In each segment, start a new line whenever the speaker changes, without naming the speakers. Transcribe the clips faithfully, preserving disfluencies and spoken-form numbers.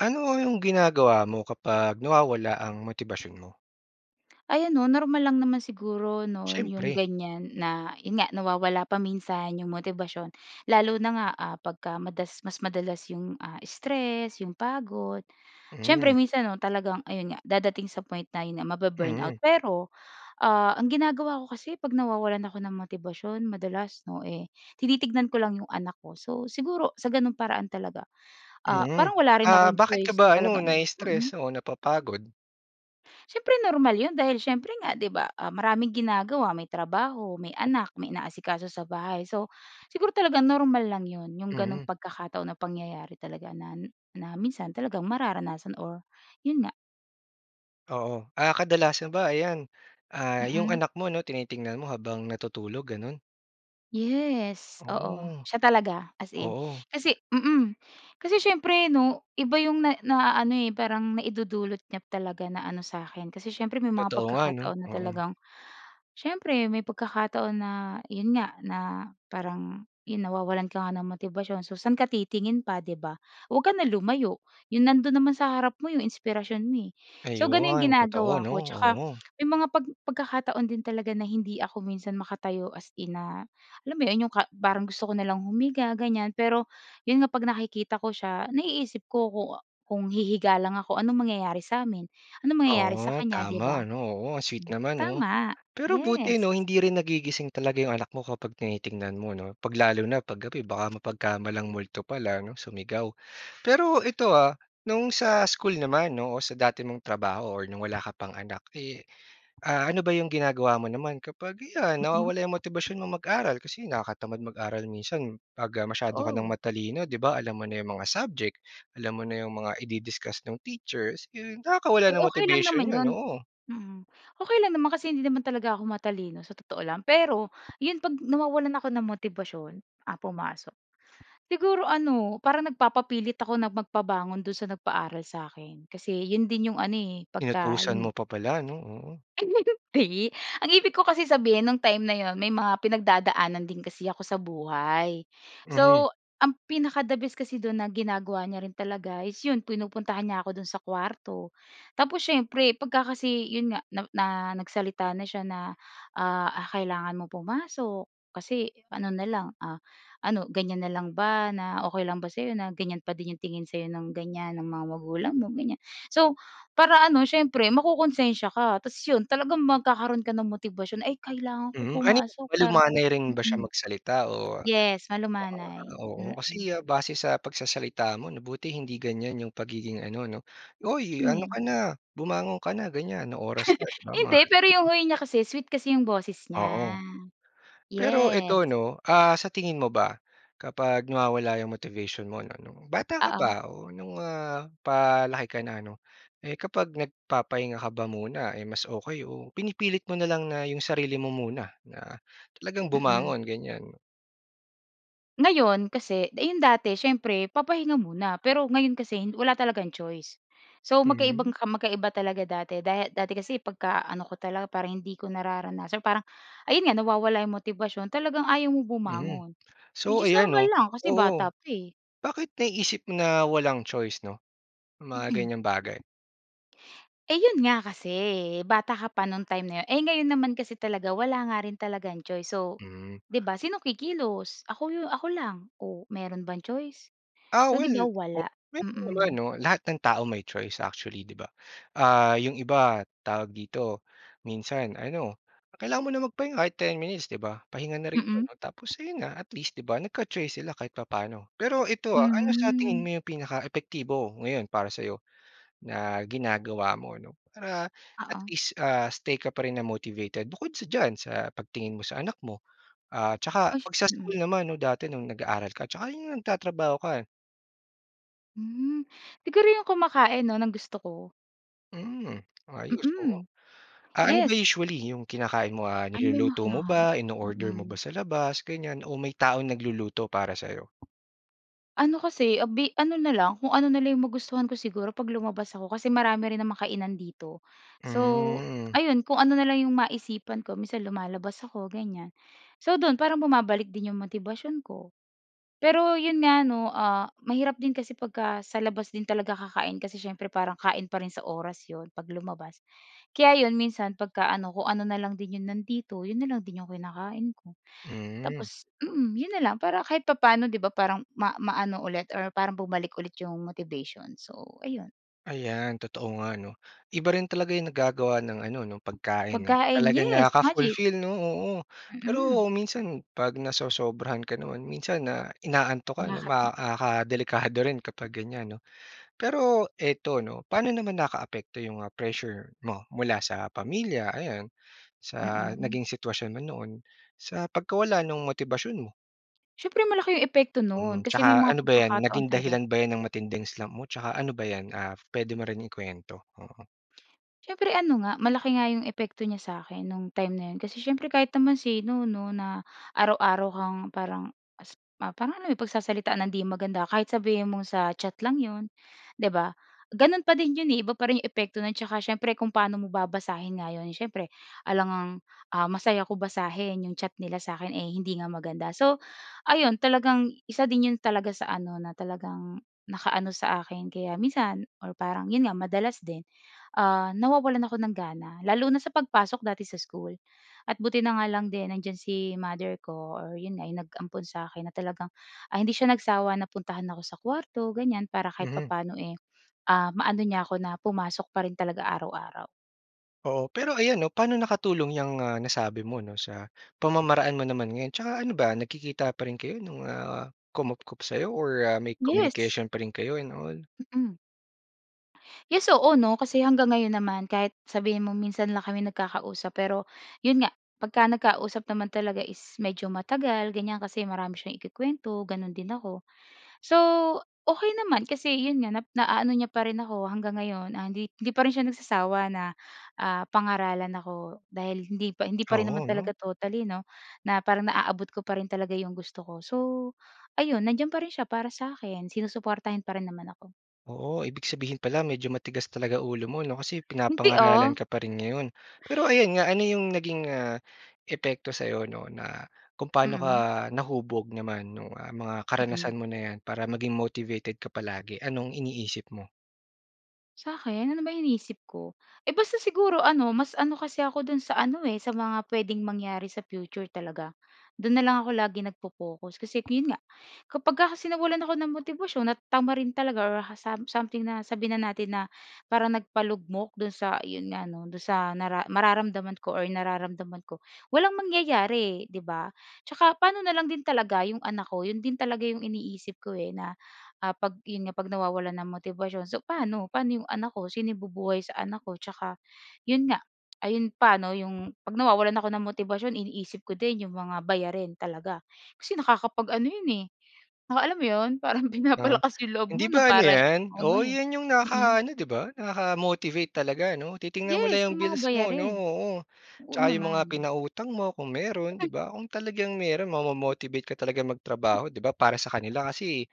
Ano ang yung ginagawa mo kapag nawawala ang motibasyon mo?
Ayan 'no, normal lang naman siguro 'no 'yong
Siyempre.
ganyan na 'yon nga, nawawala pa minsan 'yong motibasyon, lalo na nga, ah, pagka madas mas madalas 'yong, ah, stress, 'yong pagod. Siyempre
Mhm.
minsan 'no, talagang ayun nga dadating sa point na yun nga mabu-burn out.
Mm.
Pero, ah, ang ginagawa ko kasi 'pag nawawalan ako ng motibasyon madalas, 'no eh, tinitignan ko lang 'yong anak ko. So, siguro sa ganung paraan talaga, ah,
Mm.
parang wala rin
Ah,
akong
bakit ka
choice na
ba ano,
talagang
nai-stress
mm.
o napapagod?
Siyempre normal yun dahil siyempre nga, 'di ba, ah, maraming ginagawa, may trabaho, may anak, may inaasikaso sa bahay. So, siguro talagang normal lang 'yon, yung ganong
Mm.
pagkakataon o pangyayari talaga na na minsan talagang mararanasan or, yun nga.
Oo. Ah, kadalasan ba ayan, ah, 'yong
Mm.
anak mo 'no tinitingnan mo habang natutulog, gano'n?
Yes, oo,
Oh.
siya talaga as in.
Oo.
Kasi mm. Kasi siyempre 'no, iba 'yong na naa-ano eh, parang naidudulot niya talaga na ano sa'kin. Kasi siyempre may mga
Totoo nga 'no?
pagkakataon na
Oo.
talagang siyempre may pagkakataon na 'yon nga na parang 'yon nawawalan ka nga ng motibasyon, so saan ka titingin pa, 'di ba? Huwag ka na lumayo, 'yong nandun naman sa harap mo 'yong inspirasyon mo, eh. So ganun yung
Ayun, totoo
ginagawa
'no?
ko tsaka
Oo.
may mga pag pagkakataon din talaga na hindi ako minsan makatayo as in na alam mo 'yon, 'yong ka parang gusto ko na lang humiga, ganyan. Pero 'yon nga pag nakikita ko siya, naiisip ko ku kung hihiga lang ako, anong mangyayari sa'min? Anong mangyayari sa
Oo,
kanya? 'Di ba?
tama 'no? Oo, sweet
Hmm,
naman 'no?
tama,
Pero buti
yes.
'no hindi rin nagigising talaga 'yong anak mo kapag tinitingnan mo 'no? 'Pag lalo na 'pag gabi baka mapagkamalang multo pala 'no? Sumigaw. Pero ito ah, no'ng sa school naman 'no o sa dati mong trabaho or no'ng wala ka pang anak, eh, ah, ano ba 'yong ginagawa mo naman kapag 'yan
Mm.
nawawala yung motibasyon mong mag-aral kasi nakakatamad mag-aral minsan, 'pag, ah, masyado ka nang
Oo.
matalino, 'di ba? Alam mo na 'yong mga subject, alam mo na 'yong mga idi-discuss ng teachers, eh, nakakawala
Eh,
ng
okey lang
motivation
naman
'yon,
'yon
oo.
mm. Okey lang naman kasi hindi naman talaga ako matalino sa totoo lang. Pero 'yon 'pag nawawalan ako ng motibasyon, ah, pumasok. Siguro ano, parang nagpapapilit ako na magpabangon do'n sa nagpaaral sa'kin. Kasi 'yon din 'yong ano eh, pagka,
Inutusan
yun
mo
nga
pa pala 'no? Oo.
Ayi. Ang ibig ko kasi sabihin nung time na 'yon, may mga pinagdadaanan din kasi ako sa buhay.
Mhm.
So, ang pinaka the best kasi do'n na ginagawa niya rin talaga is 'yon pinupuntahan niya ako do'n sa kuwarto. Tapos siyempre, pagka kasi 'yon nga, na na nagsalita na siya na, ah, "Kailangan mong pumasok, kasi ano na lang, ah ano ganyan na lang ba? Na okey lang ba sa'yo na ganyan pa din 'yong tingin sa'yo ng ganyan, ng mga magulang mo?" Ganyan. So, para ano siyempre mako-konsensiya ka tapos 'yon talagang magkakaroon ka ng motibasyon, "Ay kailangan ko
Mhm, ano yun?
pumasok para"
Malumanay rin ba siya
mm.
magsalita o
Yes, malumanay.
[unintelligible] oo,
Mm.
kasi base sa pagsasalita mo 'no, buti hindi ganyan 'yong pagiging ano 'no "Uy, ano
[unintelligible]
ka na, bumangon ka na." ganyan, "Ano oras na." 'di ba? Mga
Hindi, pero yung
ganun.
way niya kasi, sweet kasi yung boses
Oo.
niya.
Pero
Yes.
ito 'no, ah, sa tingin mo ba kapag nawawala yung motivation mo ano, nung bata ka
Oo.
pa o nung, ah, palaki ka na 'no, eh, kapag nagpapahinga ka ba muna eh, mas okey o pinipilit mo na lang na yung sarili mo muna, na talagang
Mm.
bumangon ganyan?
Ngayon kasi yung dati siyempre papahinga muna, pero ngayon kasi wala talagang choice. So, magkaibang
Hmm.
magkaiba talaga dati. Da dati kasi pagkaano ko talaga para hindi ko nararanasan parang, ayun nga nawawala yung motibasyon, talagang ayaw mo
Mhm.
bumangon, which
So,
is
ayan
normal
'no,
lang kasi
oo.
bata pa, eh.
Bakit naiisip mo na walang choice 'no, mga
Mm.
ganyang bagay?
Eh, 'yon nga kasi, bata ka pa nung time na 'yon. Eh, ngayon naman kasi talaga wala nga rin talagang choice so,
Hmm.
'di ba? Sinong kikilos? Ako ako lang, o mayro'n bang choice?
Ah,
So 'di
well,
ba,
o
wala.
mayro'n naman
Mm.
'no? Lahat ng tao may choice actually, 'di ba? Ah, yung iba, tawag dito, minsan ano kailangan mo lang magpahinga kahit ten minutes, 'di ba? Pahinga na rin 'yon,
Mm.
tapos ayun na, at least 'di ba nagka-choice sila kahit papaano. Pero ito, ah, ano sa tingin
Hmm.
mo yung pinaka-epektibo ngayon para sa 'yo na ginagawa mo 'no? Para at
Oo.
least, ah, stay ka pa rin na motivated bukod sa diyan sa pagtingin mo sa anak mo, ah, 'tsaka
Ay,
'pag sa
mm.
school naman 'no, dati nung nag-aaral ka, 'tsaka yung nagtatrabaho ka?
Hmm, siguro yung kumakain 'no, ng gusto ko.
Hmm, ayos oo,
Mm,
Ah, ano ba
yes.
usually yung kinakain mo, ah,
Ano ba yung mga
niluluto mo
kinakain?
ba, ino-order mo ba
Mm.
sa labas, ganyan o may taong nagluluto para sa'yo?
Ano kasi, ah, bi ano na lang kung ano na lang yung magustuhan ko siguro 'pag lumabas ako kasi marami rin namang kainan dito. So,
Hmm.
ayun kung ano na lang yung maisipan ko minsan lumalabas ako ganyan. So do'n parang bumabalik din yung motibasyon ko. Pero' yon nga 'no, ah, mahirap din kasi pagka sa labas din talaga kakain kasi siyempre parang kain pa rin sa oras 'yon 'pag lumabas, kaya 'yon minsan pagka ano kung ano na lang din 'yon nandito 'yon na lang din yung kinakain ko.
Hmm.
Tapos, mm, 'yon nalang para kahit papaano, 'di ba? Parang ma maano ulit or parang bumalik ulit yung motivation, so ayun.
Ayan totoo nga 'no, iba rin talaga yung nagagawa ng ano 'no pagkain, eh,
Pagkain,
talagang
yes, magic.
nakaka-fulfill 'no, oo.
Mm.
Pero minsan 'pag nasosobrahan ka naman minsan na inaantok ka 'no,
Nakat
ma ah, ka delikado rin kapag ganyan 'no. Pero ito 'no, paano naman nakaapekto yung, ah, pressure mo mula sa pamilya ayan, sa
Mm.
naging sitwasyon mo noon sa pagkawala nung motibasyon mo?
Siyempre malaki yung epekto
Mm,
nun kasi may
tsaka
mga
ano ba 'yan
pagkakataon
naging
talaga
dahilan ba yan ng matinding slump mo? Tsaka ano ba 'yan, ah, puwede mo rin ikuwento. Oo.
Siyempre, ano nga malaki nga yung epekto niya sa akin no'ng time na iyon, kasi siyempre kahit naman sino 'no na araw-araw kang parang as ma parang ano eh, pagsasalitaan nang hindi maganda, kahit sabihin mong sa chat lang 'yon, 'di ba? Ganon pa din iyon eh, iba pa rin yung epekto nun tsaka syempre kung paano mo babasahin nga iyon. Siyempre, alam ngang, ah, masaya ko basahin yung chat nila sa akin, eh, hindi nga maganda. So ayun talagang isa din iyon talaga sa ano na talagang naka-ano sa akin. Kaya minsan, or parang 'yon nga madalas din, ah, nawawalan ako ng gana lalo na sa pagpasok dati sa school. At buti na nga lang din nandiyan si mother ko or yun nga yung nag-ampon sa akin, na talagang ah, hindi siya nagsawa na puntahan ako sa kuwarto ganyan, para kahit
Mhm.
papaano eh, ah, ma-ano niya ako na pumasok pa rin talaga araw-araw.
Oo, pero ayan 'no, paano nakatulong yang, ah, nasabi mo 'no sa pamamaraan mo naman ngayon? Tsaka ano ba nagkikita pa rin kayo nung, ah, kumupkop sa'yo or ah, may
Yes!
communication pa rin kayo and all?
Mm. Yes, oo 'no, kasi hanggang ngayon naman kahit sabihin mo, minsan lang kami nagkakausap pero iyon nga pagka nagkausap naman talaga is medyo matagal, ganyan kasi marami siyang ikukuwento, ganon din ako. So okey naman kasi iyon nga na naa-ano niya pa rin ako hanggang ngayon. Ah, hindi hindi pa rin siya nagsasawa na, ah, pangaralan ako dahil hindi pa hindi pa rin
Oo,
naman
ano.
talaga totally 'no na parang na-aabot ko pa rin talaga iyong gusto ko. So ayun nandiyan pa rin siya para sa akin, sinusuportahan pa rin naman ako.
Oo, ibig sabihin pala medyo matigas talaga ulo mo 'no kasi
Hindi
pinapangaralan
ah.
ka pa rin ngayon. Pero ayan nga ano yung naging, ah, epekto sa'yo 'no, na kung pa'no ka
Mm.
nahubog naman nung, ah, mga
Mm.
karanasan mo na 'yan para maging motivated ka palagi? Anong iniisip mo?
Sa'kin ano ba iniisip ko? Eh, basta siguro ano mas ano kasi ako do'n sa ano, eh, sa mga puwedeng mangyari sa future talaga. Do'n na lang ako laging nagpo-pokus. Kasi 'yon nga kapag ka kasi nawalan ako ng motibasyon at tamarin talaga or ha sam something na sabihin na natin na parang nagpalugmok do'n sa iyon nga 'no do'n sa nara mararamdaman ko or nararamdaman ko, walang mangyayari, 'di ba? 'Tsaka pa'no na lang din talaga yung anak ko? 'Yon din talaga yung iniisip ko, eh, na, ah,' pag 'yon nga 'pag nawawalan ng motibasyon so, pa'no, pa'no yung anak ko? Sino bubuhay sa anak ko? 'Tsaka 'yon nga, ayun pa 'no yung 'pag nawawalan ako ng motibasyon iniisip ko din yung mga bayarin talaga. Kasi nakakapag-ano 'yon, eh, naka alam mo 'yon, parang
Ah.
pinapalakas yung loob mo
Hindi
na
ba ano
para
'yan?
ano,
Oo,
eh.
'yan yung
Mm.
nakaka-ano, 'di ba? Nakaka-motivate talaga 'no? Titingnan mo
Yes!
lang yung
Yung mga
bills mo 'no?
bayarin.
Oo,
Oo,
'tsaka yung mga
naman.
pinautang mo kung mayroon, 'di ba? Kung talagang mayroon mamo-motivate ka talagang magtrabaho, 'di ba? Para sa kanila kasi,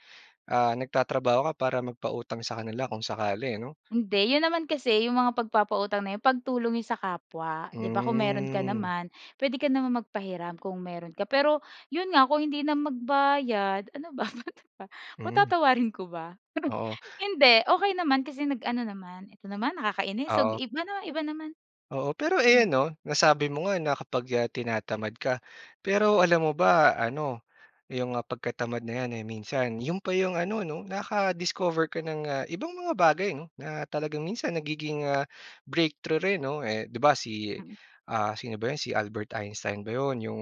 ah, nagtatrabaho ka para magpautang sa kanila kung sakali ano?
Hindi. 'Yon naman kasi yung mga pagpapautang na 'yon pagtulong 'yon sa kapwa. 'Di ba kung mayroon ka
Hmm.
naman, puwede ka naman magpahiram kung mayroon ka. Pero 'yon nga kung hindi na magbayad, ano ba,
Hmm.
patatawarin ko ba?
Oo.
Hindi, okey naman kasi nag-ano naman. Ito naman nakakainis. So,
Oo.
iba na, iba naman.
Oo pero ayan
Mm.
'no, nasabi mo nga na kapag, ah, tinatamad ka, pero alam mo ba ano yung, ah, pagkatamad na 'yan, eh, minsan 'yon pa yung ano 'no nakaka-discover ka ng, ah, ibang mga bagay 'no, na talagang minsan nagiging, ah, breakthrough rin 'no, eh, 'di ba si,
Mm.
ah, sino ba 'yo, si Albert Einstein ba 'yon, yung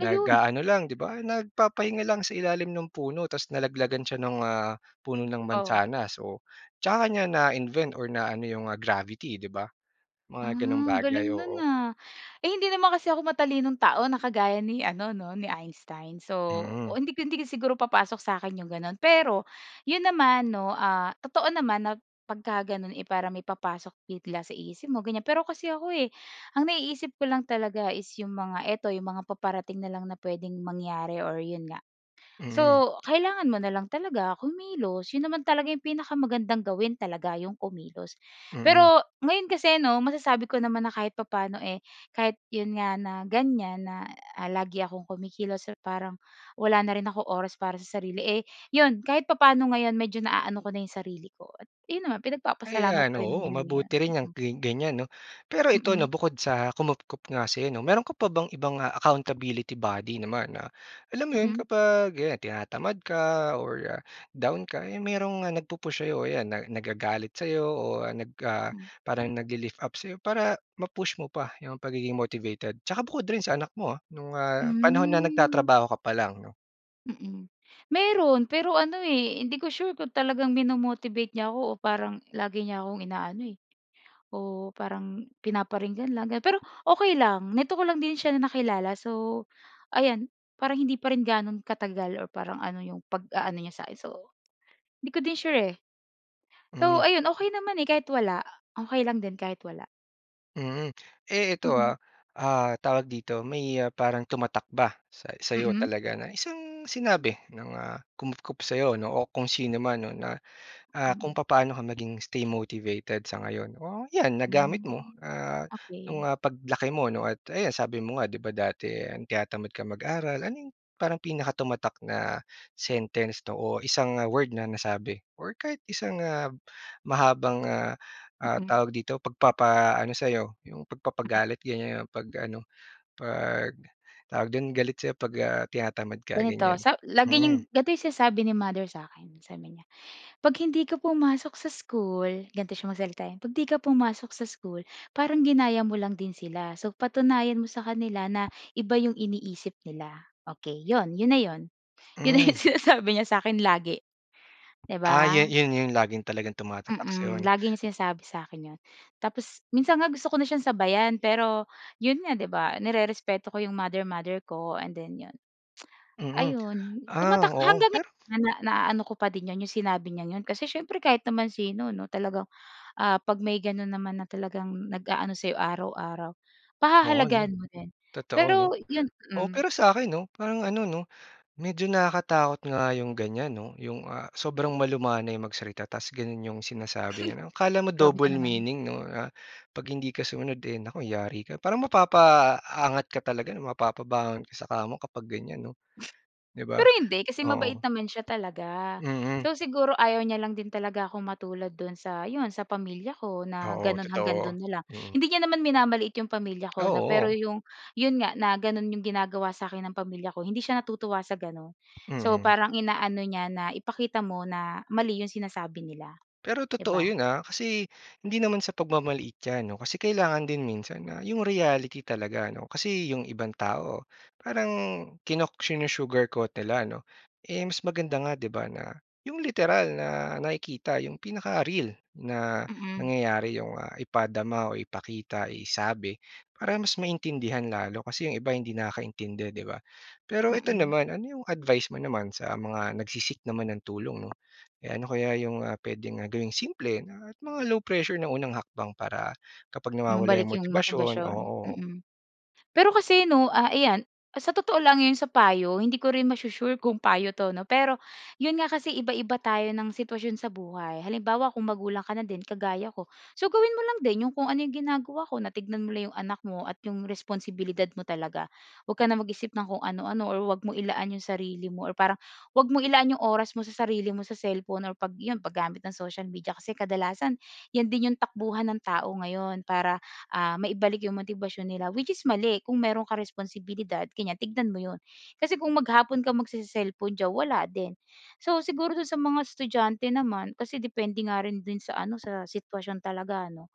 Ayun.
lang 'di ba? Nagpapahinga lang sa ilalim ng puno tas nalaglagan siya ng, ah, puno ng
Oh.
mansanas, oh. 'Tsaka niya na-invent or na ano yung, ah, gravity 'di ba?
Ah,
Mga ganong
ang
bagay,
galing no'n,
oo.
ah. Eh, hindi naman kasi ako matalinong tao na kagaya ni ano 'no ni Einstein. So, o
Hmm.
hindi ko hindi ko siguro papasok sa'kin yung gano'n. Pero, 'yon naman 'no, ah, totoo naman na pagka ganon, eh, parang may papasok bigla sa isip mo ganyan. Pero kasi ako, eh, ang naiisip ko lang talaga is yung mga, ito yung mga paparating na lang na puwedeng mangyari or 'yon nga.
Hmm.
So, kailangan mo na lang talaga kumilos. 'Yon naman talaga yung pinakamagandang gawin talaga, yung kumilos.
Mm.
Pero ngayon kasi 'no masasabi ko naman na kahit papaano, eh, kahit 'yon nga na ganyan na, ah, lagi akong kumikilos or parang wala na rin akong oras para sa sarili, eh, 'yon kahit papano ngayon medyo naaano ko na yung sarili ko. At yon naman pinagpapasalamat
Ayan,
ko rin
oo
naman 'yon ngayon.
mabuti rin yang
Mm.
gi ganyan 'no? Pero ito 'no
Mm.
bukod sa kumupkop nga sa'yo 'no? Mayroon ka pa bang ibang accountability body naman na alam mo 'yon
Mm.
kapag 'yan tinatamad ka or down ka, eh, mayroong, ah, nagpu-push sa'yo? 'Yan na nagagalit sa'yo o nag, ah,
Hmm.
parang nagli-lift up sa'yo para ma-push mo pa yung pagiging motivated? 'Tsaka bukod rin sa anak mo, ah, nung, ah, panahon na
Hmm.
nagtatrabaho ka pa lang 'no?
Mm. Meron, pero ano eh, hindi ko sure kung talagang mino-motivate niya ako, o parang lagi niya akong inaano, eh oo, parang pinaparinggan lang. Pero okay lang, nito ko lang din siya na nakilala. So, ayan parang hindi pa rin gaano katagal, o parang ano 'yong pag-aano niya sa'kin, so hindi ko din sure eh. So
Mm.
ayun, okey naman eh, kahit wala, okey lang din kahit wala.
Mm. Eh, ito
Mm.
ah, ah, tawag dito, may parang tumatak ba sa sa'yo
Mm.
talaga na isang sinabi ng, ah, kumupkop sa'yo 'no, o kung sino man no na ah, kung
Mm.
papaano ka maging stay motivated sa ngayon? O, yan, nagamit mo
Mm.
ah, nung,
Okey.
ah, paglaki mo 'no at ayan sabi mo nga 'di ba dati, tinatamad ka mag-aral, ano 'yong parang pinakatumatak na sentence 'no o isang word na nasabi or kahit isang, ah, mahabang, ah, ah,
Mm.
tawag dito pagpapaano sa'yo, 'yong
Mm.
pagpapagalit ganyan 'pag ano, pag tawag do'n galit sa'yo 'pag, ah, tinatamad ka
Ganito,
ganyan?
sa lagi
Mm.
niyang, dati sinasabi ni Mother sa akin, sabi niya, "'Pag hindi ka pumasok sa school," ganito siya magsalita eh, "'Pag hindi ka pumasok sa school, parang ginaya mo lang din sila. So, patunayan mo sa kanila na iba 'yong iniisip nila." Okey, 'yon na 'yon. 'Yon na 'yong
Mm.
sinasabi niya sa'kin lagi, 'di
Ah,
ba?
yun yun, yung laging talagang tumatatak sa'yo
Mm,
'no?
lagi niyang sinasabi sa akin 'yon. Tapos, minsan nga gusto ko na siyang sabayan, pero 'yon nga 'di ba, nerespeto ko 'yong mother-mother ko, and then 'yon.
Mm.
Ayun,
Ah
tumatak
oo.
hanggang
Pero
ngayon na naano ko pa din 'yon 'yong sinabi niyang 'yon, kasi siyempre kahit naman sino 'no talagang, ah, 'pag may gano'n naman na talagang nag-aano sa'yo araw-araw,
Oo 'no.
pahahalagahan mo din.
Totoo no.
Pero 'yon
Oo
mm.
pero sa 'kin 'no, parang ano 'no, medyo nakakatakot nga 'yong ganyan 'no, 'yong, ah, sobrang malumanay magsalita, tas gano'n 'yong sinasabi niya. Akala mo
Grabe ka
double
naman.
meaning 'no, ah, 'pag hindi ka sumunod eh, naku yari ka. Parang mapapaangat ka talaga, na mapapabangon ka sa kama kapag ganyan 'no, 'di ba?
Pero hindi. Kasi mabait
Oo.
naman siya talaga.
Mm.
So siguro ayaw niya lang din talaga akong matulad do'n sa, 'yon sa pamilya ko na
Oo,
gano'n hanggang
totoo.
do'n na lang. Hindi niya naman minamaliit 'yong pamilya
Ah,
ko 'no. Pero
oo.
'yong, 'yon nga na gano'n 'yong ginagawa sa akin ng pamilya ko hindi siya natutuwa sa gano'n. So
Mm.
parang inaano niya na, "Ipakita mo na, mali 'yong sinasabi nila",
Pero
'di
totoo
ba?
yun, ah. Kasi hindi naman sa pagmamaliit yan 'no. Kasi kailangan din minsan na yung reality talaga 'no, kasi yung ibang tao parang kino sinu-sugarcoat nila 'no? Eh mas maganda nga 'di ba na yung literal na nakikita yung pinaka-real, na
Mm.
nangyayari yung, ah, ipadama o ipakita isabi, para mas maintindihan lalo kasi yung iba hindi nakakaintindi, 'di ba? Pero eto
Mm.
naman, ano yung advice mo naman sa mga nagse-seek naman ng tulong 'no? Eh, ano kaya yung, ah, pwedeng gawing simple at mga low pressure na unang hakbang para kapag nawawala yung
Mabalik 'yong
motibasyon?
motibasyon,
Oo.
mm. Pero kasi 'no, a ayan sa totoo lang 'yon sa payo, hindi ko rin masu-sure kung payo 'to 'no. Pero 'yon nga kasi iba-iba tayo ng sitwasyon sa buhay. Halimbawa, kung magulang ka na din kagaya ko, so gawin mo lang din 'yong kung ano 'yong ginagawa ko na tignan mo lang 'yong anak mo at 'yong responsibilidad mo talaga. 'Wag ka nang mag-isip ng kung ano-ano or huwag mong ilaan 'yong sarili mo, or parang huwag mong ilaan 'yong oras mo sa sarili mo sa cellphone or 'pag 'yon paggamit ng social media, kasi kadalasan 'yan din 'yong takbuhan ng tao ngayon para, ah, maibalik 'yong motibasyon nila, which is mali kung meron ka responsibilidad ganiyan, tignan mo 'yon. Kasi kung maghapon ka magsese-cellphone diyan, wala din. So, siguro do'n sa mga estudyante naman, kasi depende nga rin do'n sa ano sa sitwasyon talaga ano.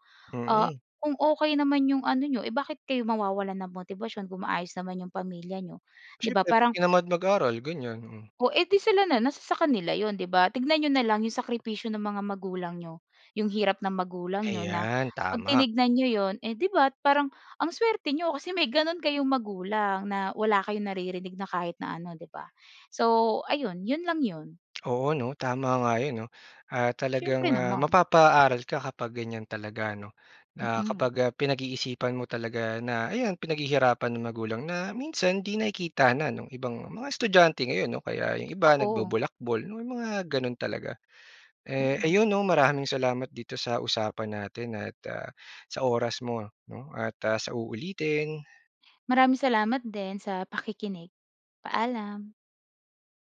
Ah,
Mm.
kung okey, naman 'yong ano n'yo, eh bakit kayo mawawalan ng motibasyon kung maayos naman 'yong pamilya niyo, 'di ba?
Siyempre 'pag
Parang
tinamad mag-aral ganyan. Mm.
O, eh di, sila na, nasa sa kanila 'yon, 'di ba? Tignan niyo na lang 'yong sakripisyo ng mga magulang niyo, 'yong hirap ng magulang niyo na
Ayan,
'pag
tama.
tinignan niyo 'yon, eh di ba parang ang suwerte niyo kasi may gano'n kayong magulang na wala kayong naririnig na kahit na ano, 'di ba? So ayun 'yon lang 'yon.
Oo 'no. Tama nga 'yon 'no. Ah, talagang,
Siyempre
ah,
naman.
mapapa-aral ka kapag ganyan talaga ano, na
Mm.
kapag, ah, pinag-iisipan mo talaga na ayan pinaghihirapan ng magulang na minsan 'di nakikita na nung ibang mga estudyante ngayon 'no kaya yung iba
Totoo.
nagbolakbol 'no mga gano'n talaga. Eh,
Mm.
ayun 'no maraming salamat dito sa usapan natin at ah, sa oras mo 'no, at ah, sa uulitin.
Maraming salamat din sa pakikinig. Paalam.